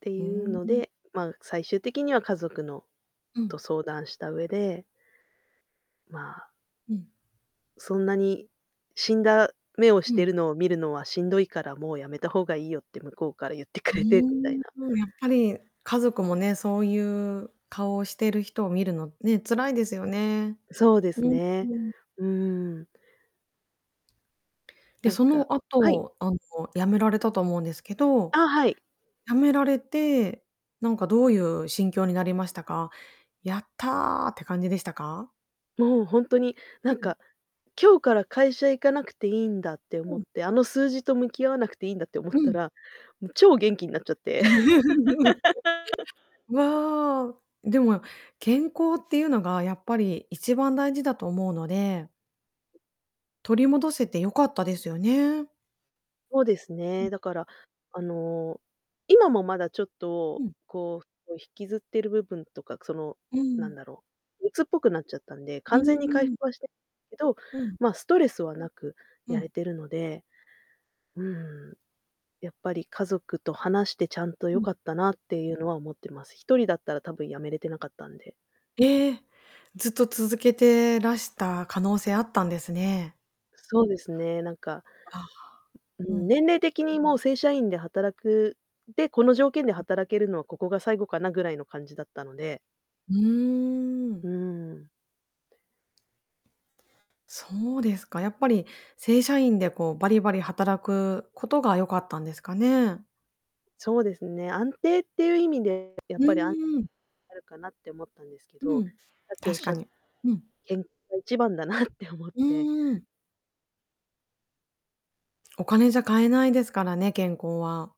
ってふいうーのん。で、まあ、最終的には家族のうん。と、相談した上でまあうん。「そんな [unintelligible] に死んだ目をしうてん。るのを見るのはしんどいから、もうやめた方がいいよ」って向こうから言ってくうれて、みたいーん、な。そう、やっぱり家族もね、そうゆう顔をしてる人を見るのね、辛いですよね。そうですうん、うね。ん。うーん。で、なんそのかはい。後、あの、辞められたと思うんですけど、あ、はい。辞められて、なんかどうゆう心境になりましたか？「やった！」って感じでしたか？もうほんとに、なうんん。か、今日から会社行かなくていいんだって思うっん。て、あの数字と向き合わなくていいんだって思っうたん。ら、も、超元気になっちゃって。わあ、でも、健康ってゆうのがやっぱり一番大事だと思うので取り戻せてよかったですよね。そうですうね、ん。だから、あの、今もまだちょっうと、ん。こう、お引きずってる部分とか、その、うーなんん。だろう、鬱っぽくなっちゃったんで、うんう完全に回んうん。復はしてけど、うん。ま、ストレスはなくうやれん。てるので、うーん。やっぱり家族と話して、ちゃんと、う良ん。かったなってゆうのは思ってます。一人だったらたぶん、辞めれてなかったんで。ええ。ずっと続けてらした可能性あったんですね。そうですね、なんかああ、ううん、ん。年齢的に、もう、正社員で働くで、この条件でうん。働けるのはここが最後かなぐらいの感じだったのでうーん。うーん。そうですか。やっぱり正社員でこうバリバリ働くことが良かったんですかね。そうですね、安定ってゆう意味でやうっぱり、あんーん。あるかなって思ったんですけうど、ん、さっきおっ確しかゃっに、うん。けんが一番だなって思っうて。ーん。お金じゃ買えないですからね、健康は。